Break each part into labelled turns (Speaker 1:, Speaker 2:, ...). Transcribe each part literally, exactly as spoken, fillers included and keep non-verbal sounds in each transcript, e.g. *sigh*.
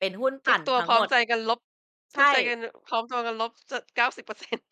Speaker 1: เป็นหุ้นป
Speaker 2: ทุ
Speaker 1: ั
Speaker 2: ก
Speaker 1: ่น
Speaker 2: ตัว
Speaker 1: ทั้
Speaker 2: พ
Speaker 1: ง
Speaker 2: ร้อ
Speaker 1: หม
Speaker 2: ม
Speaker 1: ด
Speaker 2: ใจกันลบ
Speaker 1: ใช
Speaker 2: ทุกใจก
Speaker 1: ่
Speaker 2: ัน น พร้อมตัวกันลบ จด เก้าสิบเปอร์เซ็นต์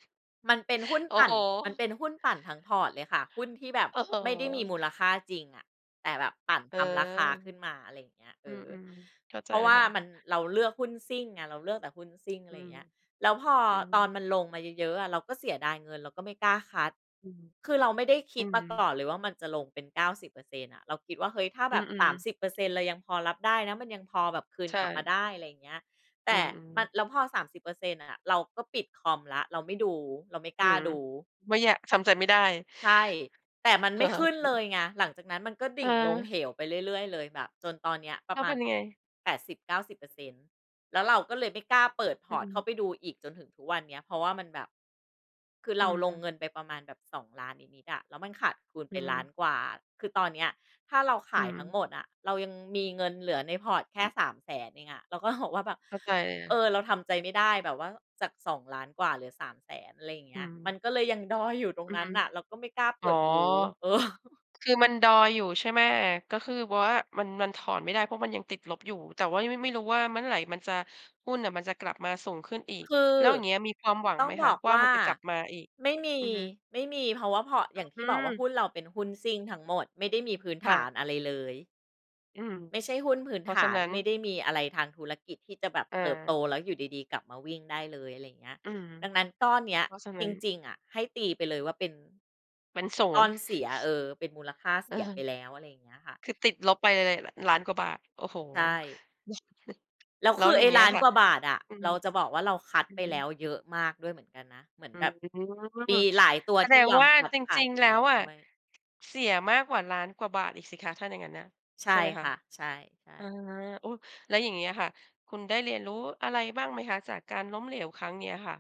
Speaker 1: มันเป็นหุ้น
Speaker 2: โอ้
Speaker 1: ปั่
Speaker 2: โ
Speaker 1: น
Speaker 2: ฮ
Speaker 1: มันเป็นหุ้นปั่นทั้ง พอร์ต เลยค่ะ หุ้นที่แบบ
Speaker 2: โอ้โฮ
Speaker 1: ไม่ได้มีมูลค่าจริงอะ แต่แบบปั่น
Speaker 2: เอ
Speaker 1: ท
Speaker 2: อ
Speaker 1: ำราคาขึ้นมา อะไรอย่างเงี้ย เ
Speaker 2: อ
Speaker 1: อ
Speaker 2: ื
Speaker 1: อ
Speaker 2: ม ๆ เข้าใ
Speaker 1: เ
Speaker 2: จ
Speaker 1: พราะ
Speaker 2: เล
Speaker 1: ว
Speaker 2: ย
Speaker 1: ่า
Speaker 2: ค่ะ
Speaker 1: มัน เราเลือกหุ้นซิ่งอะ เราเลือกแต่หุ้นซิ่ง อะ
Speaker 2: อื
Speaker 1: ไรอย่า
Speaker 2: ม
Speaker 1: งเงี้ย แล้วพอ
Speaker 2: อื
Speaker 1: ตอ
Speaker 2: ม
Speaker 1: นมันลงมาเยอะ ๆ อะ เราก็เสียดายเงินเราก็ไม่กล้าคัต
Speaker 2: อืม
Speaker 1: คือเราไม่ได้ค
Speaker 2: อ
Speaker 1: ิ
Speaker 2: ื
Speaker 1: ดมาก
Speaker 2: ม
Speaker 1: ่อนเลยว่ามันจะลงเป็น เก้าสิบเปอร์เซ็นต์ อะ เราคิดว่า เฮ้ย ถ้า
Speaker 2: อ
Speaker 1: แ
Speaker 2: ื
Speaker 1: บบ ส
Speaker 2: อ
Speaker 1: าม
Speaker 2: ๆ
Speaker 1: สิบเปอร์เซ็นต์ เรายังพอรับได้นะ มันยังพอแบบคืน
Speaker 2: ใช
Speaker 1: กลับมา
Speaker 2: ่
Speaker 1: ได้ อะไรอย่างเงี้ย แต
Speaker 2: อื
Speaker 1: ่
Speaker 2: อ
Speaker 1: มั
Speaker 2: ๆ
Speaker 1: น แล้วพอ สามสิบเปอร์เซ็นต์ น่ะ ๆ เราก็ปิดคอมแล้ว เราไม่ดู เราไม่
Speaker 2: อ
Speaker 1: ก
Speaker 2: ื
Speaker 1: ล้า
Speaker 2: ม
Speaker 1: ดู
Speaker 2: ไม่แยะ ทำใจไม่ได้
Speaker 1: ใช่ แต่มัน
Speaker 2: โ
Speaker 1: ไ
Speaker 2: อ
Speaker 1: ม่ขึ้นเล
Speaker 2: เ
Speaker 1: ย
Speaker 2: ค
Speaker 1: ไง หลังจากนั้นมันก็ดิ่งลง
Speaker 2: เออ
Speaker 1: เหวไปเรื่อย ๆ เลยแบบจนตอนเนี้ยปร
Speaker 2: แ
Speaker 1: ะ
Speaker 2: ล้
Speaker 1: ม
Speaker 2: ว
Speaker 1: า
Speaker 2: เป
Speaker 1: ณ
Speaker 2: ็นยังไง?
Speaker 1: แปดสิบเก้าสิบเปอร์เซ็นต์ แล้วเราก็เลยไม่กล้าเปิด พ
Speaker 2: อื
Speaker 1: อร์ต เข้า
Speaker 2: ม
Speaker 1: ไปดูอีกจนถึงทุกวันเนี้ย เพราะว่ามันแบบ คือเ
Speaker 2: อ
Speaker 1: ร
Speaker 2: ื
Speaker 1: าลง
Speaker 2: ม
Speaker 1: เงินไปประมาณแบบ สองล้าน นิด ๆ อะ แล้วมันขาดคูณ
Speaker 2: อ
Speaker 1: ไ
Speaker 2: ื
Speaker 1: ป ล้า
Speaker 2: ม
Speaker 1: น กว่า คือตอนเนี้ย ถ้าเราข
Speaker 2: อื
Speaker 1: ายทั้ง
Speaker 2: ม
Speaker 1: หมดอะ เรายังมีเงินเหลือใน พอร์ต แค
Speaker 2: อ
Speaker 1: ่
Speaker 2: ือ
Speaker 1: สามแสน เองอะ เราก็หอกว่าแบบ
Speaker 2: เข้าใจ
Speaker 1: เออ เราทำใจไม่ได้แบบว่า จาก สองล้าน กว่าเหลือ สามแสน อะไรอย่างเง
Speaker 2: อื
Speaker 1: ี้ย มั
Speaker 2: ม
Speaker 1: นก็เลยยังดอยอยู่ตร
Speaker 2: อ
Speaker 1: ง
Speaker 2: ื
Speaker 1: นั้
Speaker 2: อ
Speaker 1: นน่ะ เราก็ไม่กล้าเ
Speaker 2: อ
Speaker 1: ป
Speaker 2: ๋อ
Speaker 1: ิดดู เออ
Speaker 2: คือมันดอยอยู่ใช่ไหม? ก็คือว่ามัน มันถอนไม่ได้ เพราะมันยังติดลบอยู่ แต่ว่าไม่ ไม่รู้ว่าเมื่อไหร่มันจะ หุ้นน่ะมันจะกลับมาสูงขึ้นอีก
Speaker 1: คือ
Speaker 2: แล้วอย่างเงี้ยมีความหวัง
Speaker 1: ต้
Speaker 2: ไ
Speaker 1: อ
Speaker 2: ห
Speaker 1: ง
Speaker 2: ม
Speaker 1: บ
Speaker 2: คะ
Speaker 1: อก
Speaker 2: ว่า
Speaker 1: ว่
Speaker 2: มั
Speaker 1: า
Speaker 2: นจะกลับมาอีก?
Speaker 1: ไม่มี
Speaker 2: อือฮึ
Speaker 1: ไม่มี เพราะว่า พอร์ต อย่างที
Speaker 2: อ
Speaker 1: ่บอกว่า
Speaker 2: ือ
Speaker 1: หุ้นเราเป็นหุ้นซิ่งทั้งหมด ไม่ได้มีพื้น
Speaker 2: ค
Speaker 1: ฐ
Speaker 2: ่
Speaker 1: า
Speaker 2: ะ
Speaker 1: นอะไรเลย
Speaker 2: อืม
Speaker 1: ไม่ใช่หุ้นพื้
Speaker 2: เ
Speaker 1: น
Speaker 2: พรา
Speaker 1: ฐ
Speaker 2: ะฉะ
Speaker 1: า
Speaker 2: น
Speaker 1: น
Speaker 2: ั้น
Speaker 1: ไม่ได้มีอะไรทางธุรกิจที่จะแบบ
Speaker 2: อ
Speaker 1: เติบโต
Speaker 2: า
Speaker 1: แล้วอยู่ดี ๆ กลับมาวิ่งได้เลย อะไรอย่างเงี้ย
Speaker 2: อืม
Speaker 1: ดังนั้นก้อนเนี้ย
Speaker 2: เพราะฉะน
Speaker 1: จ
Speaker 2: ั้น
Speaker 1: ริง ๆ อะ ให้ตีไปเลยว่าเป็น
Speaker 2: เป็น ศู
Speaker 1: ก
Speaker 2: น
Speaker 1: ้อ
Speaker 2: ย์
Speaker 1: นเสีย เออ เป็นมูลค่า
Speaker 2: เ
Speaker 1: เส
Speaker 2: ออ
Speaker 1: ียไปแล้ว อะไรอย่างเงี้ยค่ะ
Speaker 2: คือติดลบไปเลย น ล้าน กว่าบาท โอ้โฮ
Speaker 1: ใช่
Speaker 2: *unintelligible*
Speaker 1: แล้ว
Speaker 2: แล้
Speaker 1: ค
Speaker 2: ว
Speaker 1: ือ
Speaker 2: อย
Speaker 1: ไ
Speaker 2: ่
Speaker 1: อ
Speaker 2: า
Speaker 1: ้
Speaker 2: งเงี้
Speaker 1: ล้
Speaker 2: ย
Speaker 1: าน
Speaker 2: ค่ะ
Speaker 1: กว่าบาทอะ
Speaker 2: อื
Speaker 1: เ
Speaker 2: ม
Speaker 1: ราจะบอกว่า เราคัต
Speaker 2: อือ
Speaker 1: ไป
Speaker 2: ฮ
Speaker 1: แล้
Speaker 2: ึ
Speaker 1: วเยอะมากด้วยเหมือนกันนะ เหมือน
Speaker 2: อื
Speaker 1: แบ
Speaker 2: ม
Speaker 1: บมีหลายตัว
Speaker 2: แส
Speaker 1: ท
Speaker 2: ด
Speaker 1: ี่
Speaker 2: ง
Speaker 1: ยอ
Speaker 2: ว
Speaker 1: ม
Speaker 2: ่า
Speaker 1: คัต
Speaker 2: จ
Speaker 1: ขา
Speaker 2: ริ
Speaker 1: ย
Speaker 2: ง
Speaker 1: ไป
Speaker 2: ๆ แล
Speaker 1: แ
Speaker 2: ้
Speaker 1: ล้
Speaker 2: ว
Speaker 1: ว
Speaker 2: อะ
Speaker 1: ด้วย
Speaker 2: เสียมากกว่า ล้าน กว่าบาทอีกสิคะ ถ้าอย่างนั้นน่ะ
Speaker 1: ใช่
Speaker 2: ใช่ไหมค
Speaker 1: ค
Speaker 2: ะ?
Speaker 1: ่ะ ใช่
Speaker 2: อา
Speaker 1: ๆ
Speaker 2: อุ๊ย! แล้วอย่างงี้อะค่ะ คุณได้เรียนรู้อะไรบ้างไหมคะ จากการล้มเหลวครั้งนี้อะค่ะ?